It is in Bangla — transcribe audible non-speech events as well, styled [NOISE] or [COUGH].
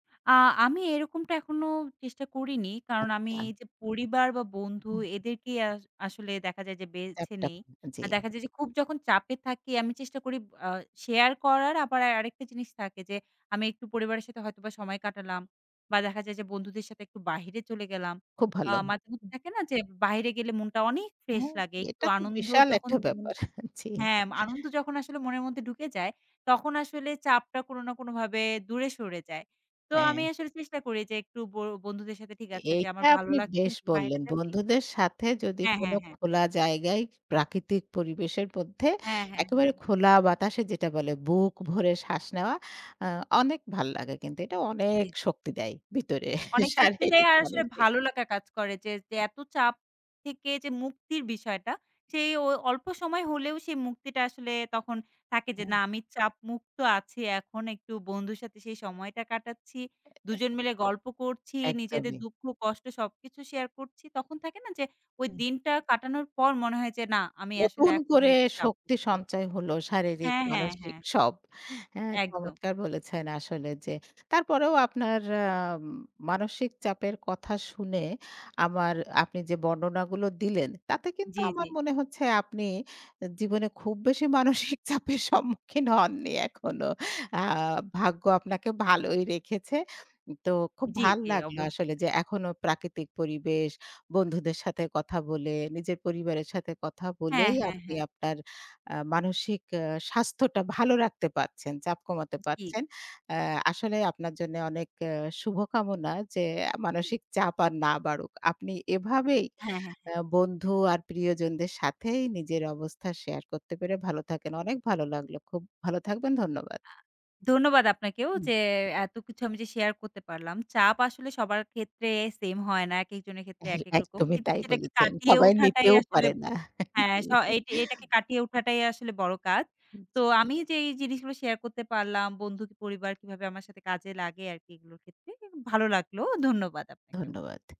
আ আমি এরকমটা এখনো চেষ্টা করিনি। কারণ আমি আচ্ছা। যে পরিবার, বা বন্ধু, হুম, হু। এদেরকে আস আসলে দেখা যায় যে, বেছে চ্যাপ্টা, নেই। আ আর জি। দেখা যায় যে, খুব যখন চাপে থাকি আমি চেষ্টা করি ব আ শেয়ার করার। আবার আরেকটা জিনিস থাকে যে, আমি একটু পরিবারের সাথে হয়তোবা সময় কাটালাম, বা দেখা যায় যে, বন্ধুদের সাথে একটু বাহিরে চলে গেলাম। খুব আ ভালো, মাঝে হু। মধ্যে থাকে না? যে, বাইরে গেলে মনটা অনেক ফ্রেশ হ্যাঁ, লাগে, একটু এটা তো আনন্দ বিশাল যখন একটা ব্যাপার, জি। হ্যাঁ, আনন্দ যখন আসলে মনের মধ্যে ঢুকে যায়, তখন আসলে চাপটা কোন না, কোন ভাবে দূরে সরে যায়। তো আমি হ্যাঁ। আসলে চেষ্টা করি যে, একটু বো বন্ধুদের সাথে ঠিক আছে যে, এইটা "আমার ভালো আপনি লাগছে না বেশ একটু বাইরে বললেন! যাবি?" বন্ধুদের সাথে যদি হ্যাঁ, কোন হ্যাঁ, হ্যাঁ। খোলা জায়গায়, প্রাকৃতিক পরিবেশের মধ্যে হ্যাঁ, হ্যাঁ, একেবারে হ্যাঁ। খোলা বাতাসে যেটা বলে, বুক ভরে শ্বাস নেওয়া আ অনেক ভাল লাগে কিন্তু এটা অনেক জি, জি। শক্তি দেয় ভিতরে অনেক শক্তিতে শারীরিক, আর আসলে মানসিক ভালো লেখা কাজ করে যে, যে এত চাপ থেকে যে মুক্তির বিষয়টা, সেই ও অল্প সময় হলেও সেই মুক্তিটা আসলে তখন থাকে। যে, হুম। না, "আমি চাপ মুক্ত আছি। এখন একটু বন্ধুর সাথে সেই সময়টা কাটাচ্ছি, এ এ দুজন মিলে গল্প করছি, নিজেদের একদমই। দুঃখ কষ্ট সবকিছু শেয়ার করছি।" তখন থাকে না? যে, ওই হুম। দিনটা কাটানোর পর মনে হয় যে, "না, আমি আসলে নতুন এখন করে একটু চাপ শক্তি মুক্ত।" সঞ্চয় হল শারীরিক, হ্যাঁ, হ্যাঁ, মানসিক হ্যাঁ। সব, হ্যাঁ? একদম। চমৎকার বলেছেন! আসলে যে, তারপরেও আপনার আম মানসিক চাপের কথা শুনে, আমার আপনি যে বর্ণনাগুলো দিলেন, তাতে কিন্তু জি, আমার জি। মনে হচ্ছে, আপনি জীবনে খুব বেশি মানসিক চাপের সম্মুখীন হননি এখনো। আ ভাগ্য আপনাকে ভালোই রেখেছে। তো খুব জি, ভাল জি, লাগলো, অবশ্যই। আসলে যে এখনো প্রাকৃতিক পরিবেশ বন্ধুদের সাথে কথা বলে, নিজের পরিবারের সাথে কথা হ্যাঁ, বলেই, হ্যাঁ, আপনি হ্যাঁ। আপনার আ মানসিক আ স্বাস্থ্যটা ভালো রাখতে পারছেন, চাপ কমাতে জি। পারছেন। আ আসলে আপনার জন্য অনেক আ শুভকামনা, যে জি। মানসিক চাপ আর না বাড়ুক। আপনি এভাবেই হ্যাঁ, হ্যাঁ, হ্যাঁ। আ বন্ধু আর প্রিয়জনদের সাথেই নিজের অবস্থা শেয়ার করতে পেরে ভালো থাকেন, অনেক ভালো লাগলো, খুব ভালো থাকবেন ধন্যবাদ। আ ধন্যবাদ আপনাকেও হুম। যে এত কিছু আমি যে শেয়ার করতে পারলাম, চাপ আসলে সবার ক্ষেত্রে সেম হয় না। একেক জনের ক্ষেত্রে হ্যাঁ, একেক রকম। একদমই কিন্তু তাই সেটাকে বলেছেন, কাটিয়ে সবাই উঠাটাই নিতেও আসলে পারে না। হ্যাঁ, জি। স এটা এটাকে [CHUCKLES] কাটিয়ে উঠাটাই আসলে বড় কাজ। হুম, তো জি। আমি যেই জিনিসগুলো শেয়ার করতে পারলাম, বন্ধু, পরিবার, কীভাবে আমার সাথে কাজে লাগে আরকি এগুলোর ক্ষেত্রে এ ভালো লাগলো ধন্যবাদ আপনাকেও। ধন্যবাদ।